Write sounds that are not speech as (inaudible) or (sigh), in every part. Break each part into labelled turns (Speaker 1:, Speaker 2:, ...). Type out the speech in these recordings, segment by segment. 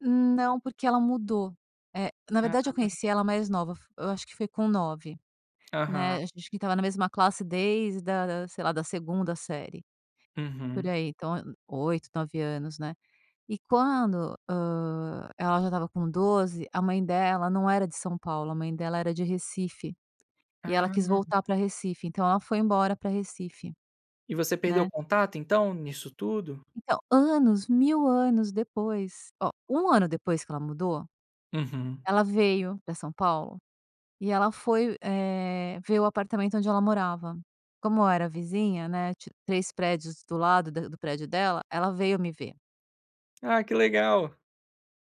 Speaker 1: Não. Porque, ela mudou. É na verdade, eu
Speaker 2: Ah.
Speaker 1: conheci ela mais nova. F eu acho que foi com 9, né. A
Speaker 2: Aham.
Speaker 1: ge a gente estava na mesma classe desde da da, sei lá, da 2ª série, por
Speaker 2: Uhum.
Speaker 1: aí. Então, eh, 8, 9 anos, né. E quando, hã, ela já estava com 12 a mãe dela não era de São Paulo, a mãe dela era de Recife, e ela quis
Speaker 2: Ah.
Speaker 1: voltar pra Recife. Então ela foi embora para Recife,
Speaker 2: E você perdeu
Speaker 1: né.
Speaker 2: contato, então, nisso tudo?
Speaker 1: Então, anos, 1000 anos depois. Ó, 1 ano depois que ela mudou,
Speaker 2: Uhum.
Speaker 1: ela veio pra São Paulo e ela foi, eh, ver o apartamento onde ela morava. Como eu era vizinha, né, ti 3 prédios do lado da do prédio dela, ela veio me ver.
Speaker 2: Ah, que legal.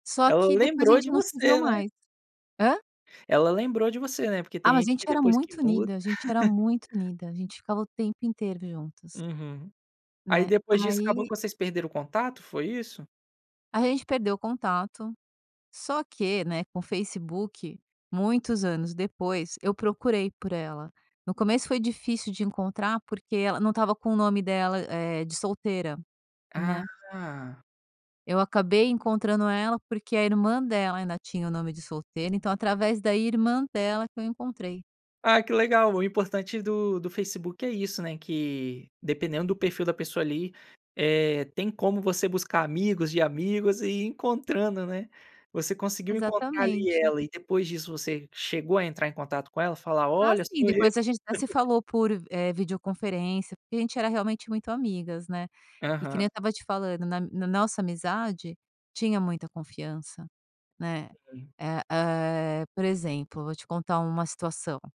Speaker 1: Só
Speaker 2: Ela
Speaker 1: que depois a
Speaker 2: lembrou
Speaker 1: gente
Speaker 2: de
Speaker 1: não se viu
Speaker 2: você, né?
Speaker 1: mais. Hã?
Speaker 2: Ela lembrou de você, né? Porque
Speaker 1: Ah,
Speaker 2: tem
Speaker 1: mas a
Speaker 2: gente
Speaker 1: gente
Speaker 2: que
Speaker 1: era
Speaker 2: depois que
Speaker 1: muito
Speaker 2: muda
Speaker 1: unida. A gente era muito
Speaker 2: (chuckles)
Speaker 1: unida. A gente ficava o tempo inteiro juntas.
Speaker 2: Uhum. Aí
Speaker 1: Né.
Speaker 2: depois disso acabou
Speaker 1: Aí
Speaker 2: que vocês perderam o contato? Foi isso?
Speaker 1: Aí, a gente perdeu o contato. Só que, né, com Facebook, muitos anos depois, eu procurei por ela. No começo foi difícil de encontrar, porque ela não estava com o nome dela, eh, de solteira, né.
Speaker 2: Ah.
Speaker 1: Eu acabei encontrando ela, porque a irmã dela ainda tinha o nome de solteira. Então, através da irmã dela que eu encontrei.
Speaker 2: Ah, que legal. O importante do do Facebook é isso, né. Que dependendo do perfil da pessoa, ali, eh, tem como você buscar amigos de amigos e ir encontrando, né. Você conseguiu encontrar, ali,
Speaker 1: Exatamente.
Speaker 2: ela. E depois disso você chegou a entrar em contato com ela, falar:
Speaker 1: Ah,
Speaker 2: "Olha,
Speaker 1: sim.
Speaker 2: sou eu"?
Speaker 1: Depois a gente até se
Speaker 2: (chuckles)
Speaker 1: falou por, eh, videoconferência. Porque a gente era realmente muito amigas, né. E que nem eu
Speaker 2: Aham.
Speaker 1: estava te falando, na na nossa amizade tinha muita confiança, né.
Speaker 2: Uhum.
Speaker 1: É, eh, por exemplo, vou te contar uma situação.